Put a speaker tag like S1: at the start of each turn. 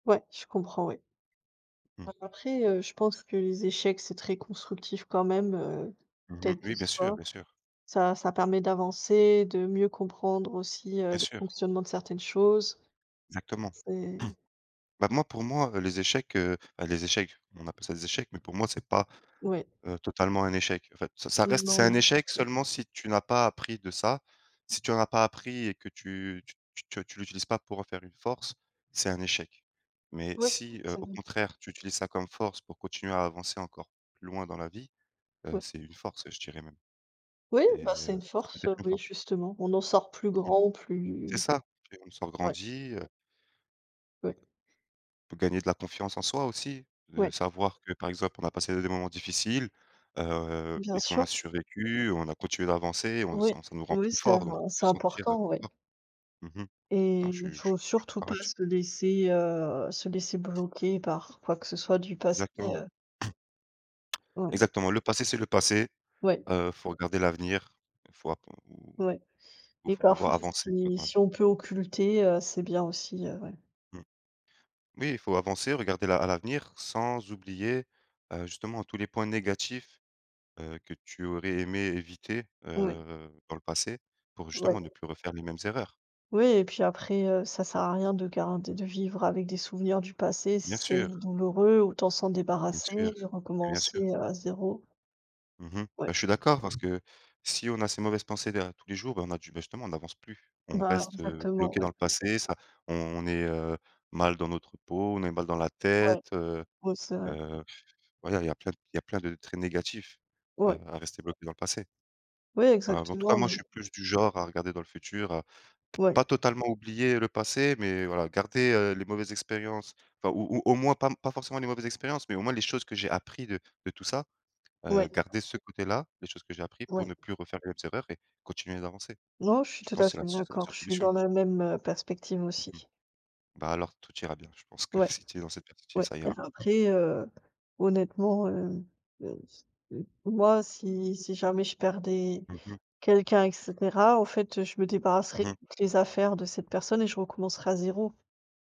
S1: Ouais. Je comprends, oui. A
S2: Mmh.
S1: après, heu, je pense que les échecs, c'est très constructif quand même, heu,
S2: Mmh mh.
S1: quel qu'ils
S2: Oui, bien sûr,
S1: soient.
S2: bien sûr.
S1: Ça ça permet d'avancer, de mieux comprendre aussi, heu,
S2: Bien
S1: le
S2: sûr.
S1: fonctionnement de certaines choses.
S2: Exactement.
S1: C'est
S2: Ben, moi, pour moi, heu, les échecs, heu enfin les échecs, on appelle ça des échecs, mais pour moi, c'est pas,
S1: Oui.
S2: heu, totalement un échec. En fait, ça, ça
S1: Oui,
S2: reste
S1: non
S2: c'est un
S1: non.
S2: échec seulement si tu n'as pas appris de ça, si tu en as pas appris et que tu tu tu te tu l'utilises pas pour en faire une force, c'est un échec, mais
S1: Ouais,
S2: si, heu,
S1: ça
S2: au
S1: n'y
S2: contraire, tu utilises ça comme force pour continuer à avancer encore plus loin dans la vie, heu,
S1: Ouais.
S2: c'est une force, je dirais même.
S1: Oui!
S2: C'est,
S1: Bah
S2: heu,
S1: c'est une
S2: ça
S1: force,
S2: devient
S1: heu,
S2: très
S1: oui,
S2: fort.
S1: justement, on en sort plus
S2: Mmh mh.
S1: grand ou plus.
S2: C'est ça et on sort
S1: Ouais.
S2: grandi, heu
S1: Ouais.
S2: pour gagner de la confiance en soi aussi, heu,
S1: Ouais.
S2: savoir que, par exemple, on a passé des moments difficiles, heu
S1: Bien
S2: et qu'on a
S1: sûr.
S2: survécu, on a continué d'avancer, on
S1: Oui,
S2: ça ça nous rend
S1: oui,
S2: plus
S1: c'est
S2: fort, donc on peut
S1: c'est
S2: se sentir, heu,
S1: important,
S2: plus
S1: oui.
S2: fort. Mmh mh.
S1: Et
S2: Non, je suis
S1: il
S2: je
S1: faut
S2: suis
S1: surtout
S2: d'accord
S1: pas
S2: là-dessus.
S1: se laisser, heu, se laisser bloquer par quoi que ce soit du passé,
S2: Exactement.
S1: heu. Ouais.
S2: Exactement. Le passé, c'est le passé,
S1: Ouais.
S2: heu, il faut regarder l'avenir, il faut appr
S1: Ouais.
S2: il
S1: Et
S2: faut
S1: parfois,
S2: pouvoir avancer, quoi,
S1: si
S2: dans la vie.
S1: si on peut occulter, heu, c'est bien aussi, heu, ouais.
S2: Mmh, oui, il faut avancer, regarder la à l'avenir sans oublier, heu, justement tous les points négatifs, heu, que tu aurais aimé éviter,
S1: Ouais.
S2: heu, dans le passé, pour justement
S1: Ouais.
S2: ne plus refaire les mêmes erreurs.
S1: Oui et puis après, heu, ça sert à rien de garder de vivre avec des souvenirs du passé si
S2: Bien
S1: c'est
S2: sûr.
S1: douloureux. Autant s'en
S2: Bien
S1: débarrasser
S2: sûr,
S1: et
S2: mais bien sûr.
S1: recommencer à zéro.
S2: Mmh mh.
S1: Ouais.
S2: Ben, je suis d'accord parce que si on a ces mauvaises pensées derrière tous les jours, ben, on a du justement, on n'avance plus, on
S1: Ben,
S2: reste, heu,
S1: exactement,
S2: bloqué dans
S1: ouais.
S2: le passé. Ça on est, heu, mal dans notre peau, on est mal dans la
S1: Ouais.
S2: tête, heu
S1: Ouais, c'est vrai.
S2: heu, voilà. Il y a plein il y plein de traits négatifs à
S1: Ouais.
S2: à rester bloqué dans le passé.
S1: Oui,
S2: Voilà. Bah, en tout cas,
S1: exactement,
S2: moi, je
S1: oui.
S2: suis plus du genre à regarder dans le futur, à p
S1: Ouais.
S2: pas totalement oublier le passé, mais voilà, garder, heu, les mauvaises expériences enfin ou ou au moins pas pas forcément les mauvaises expériences, mais au moins les choses que j'ai appris de de tout ça, heu,
S1: Ouais.
S2: garder ce côté-là, les choses que j'ai appris pour
S1: Ouais.
S2: ne plus refaire les mêmes erreurs et continuer d'avancer.
S1: Non, je suis
S2: Je
S1: tout à
S2: pense c'est la
S1: fait
S2: c'est la
S1: d'accord,
S2: seule
S1: je suis
S2: solution.
S1: dans la même, heu, perspective
S2: Mmh mh.
S1: aussi.
S2: Ben alors, tout ira bien. Je pense que
S1: Ouais,
S2: si tu es dans cette perspective,
S1: ouais.
S2: ça
S1: Même
S2: ira.
S1: après, heu, honnêtement, heu, moi si, si jamais je perdais
S2: Mmh mh.
S1: quelqu'un et cetera, en fait, je me
S2: Mmh
S1: débarrasserais
S2: mh.
S1: des affaires de cette personne et je recommencerais à zéro.